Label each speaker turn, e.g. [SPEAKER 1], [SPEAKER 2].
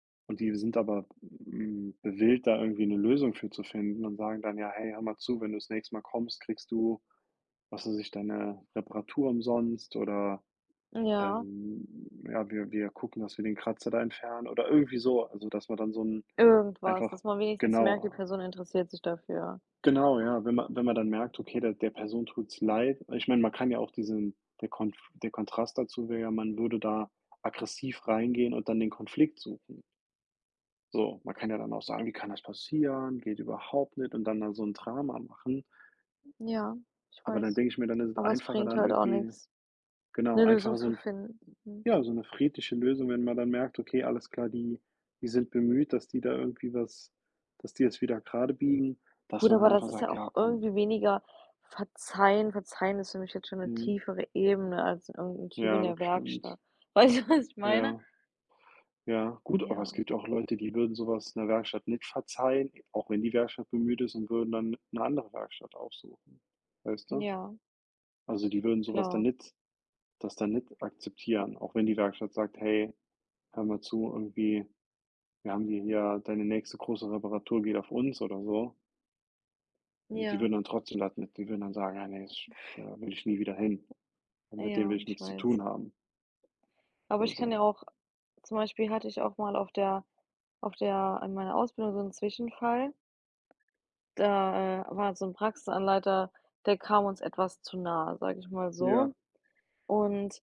[SPEAKER 1] Und die sind aber, hm, gewillt, da irgendwie 'ne Lösung für zu finden, und sagen dann: „Ja, hey, hör mal zu, wenn du das nächste Mal kommst, kriegst du”, was weiß ich, „deine Reparatur umsonst oder,
[SPEAKER 2] Ja.
[SPEAKER 1] ähm ja, wir wir gucken, dass wir den Kratzer da entfernen” oder irgendwie so, also dass man dann so 'n
[SPEAKER 2] Irgendwas,
[SPEAKER 1] einfach
[SPEAKER 2] dass man wenigstens merkt, die
[SPEAKER 1] genauer
[SPEAKER 2] Person interessiert sich dafür.
[SPEAKER 1] Genau, ja, wenn man wenn man dann merkt, okay, der der Person tut's leid ich meine, man kann ja auch diesen der Konf der Kontrast dazu wäre ja, man würde da aggressiv reingehen und dann den Konflikt suchen. So, man kann ja dann auch sagen: „Wie kann das passieren? Geht überhaupt nicht”, und dann dann so 'n Drama machen
[SPEAKER 2] Ja, ich
[SPEAKER 1] aber dann
[SPEAKER 2] weiß,
[SPEAKER 1] denke ich mir, dann ist es
[SPEAKER 2] aber es
[SPEAKER 1] einfacher,
[SPEAKER 2] bringt
[SPEAKER 1] dann
[SPEAKER 2] halt auch
[SPEAKER 1] irgendwie
[SPEAKER 2] nix
[SPEAKER 1] genau,
[SPEAKER 2] 'ne Lösung
[SPEAKER 1] einfach so
[SPEAKER 2] zu
[SPEAKER 1] 'n f
[SPEAKER 2] finden, mhm.
[SPEAKER 1] ja, so 'ne friedliche Lösung, wenn man dann merkt: „Okay, alles klar, die die sind bemüht, dass die da irgendwie was dass die es wieder gradebiegen“, dass
[SPEAKER 2] Gut,
[SPEAKER 1] man
[SPEAKER 2] aber
[SPEAKER 1] dann
[SPEAKER 2] das
[SPEAKER 1] einfach
[SPEAKER 2] ist ja
[SPEAKER 1] sagt:
[SPEAKER 2] auch
[SPEAKER 1] „Ja, komm.”
[SPEAKER 2] irgendwie weniger verzeihen. Verzeihen ist für mich jetzt schon 'ne
[SPEAKER 1] Mhm.
[SPEAKER 2] tiefere Ebene als irgend'n Typ in
[SPEAKER 1] Ja, das
[SPEAKER 2] der
[SPEAKER 1] stimmt.
[SPEAKER 2] Werkstatt. Weißt du, was ich meine?
[SPEAKER 1] Ja. Ja, gut, aber es
[SPEAKER 2] Ja.
[SPEAKER 1] gibt ja auch Leute, die würden so was 'ner Werkstatt nicht verzeihen, auch wenn die Werkstatt bemüht ist, und würden dann 'ne andere Werkstatt aufsuchen, weißt du?
[SPEAKER 2] Ja.
[SPEAKER 1] Also die würden so was dann
[SPEAKER 2] Klar.
[SPEAKER 1] nicht das dann nicht akzeptieren, auch wenn die Werkstatt sagt: „Hey, hör mal zu”, irgendwie, „wir haben hi hier deine nächste große Reparatur geht auf uns”, oder so. Und die
[SPEAKER 2] Ja.
[SPEAKER 1] würden dann trotzdem [unintelligible] die würden dann sagen: „Ja, ne, ich da will ich nie wieder hin und mit denen will
[SPEAKER 2] Ja,
[SPEAKER 1] ich
[SPEAKER 2] ich
[SPEAKER 1] nix zu
[SPEAKER 2] weiß.
[SPEAKER 1] tun haben”,
[SPEAKER 2] Aber
[SPEAKER 1] oder
[SPEAKER 2] ich kann ja
[SPEAKER 1] so.
[SPEAKER 2] auch zum Beispiel hatte ich auch mal auf der auf der an meiner Ausbildung so 'n Zwischenfall, da, äh, war so 'n Praxisanleiter, der kam uns etwas zu nah, sage ich mal
[SPEAKER 1] Ja.
[SPEAKER 2] so, und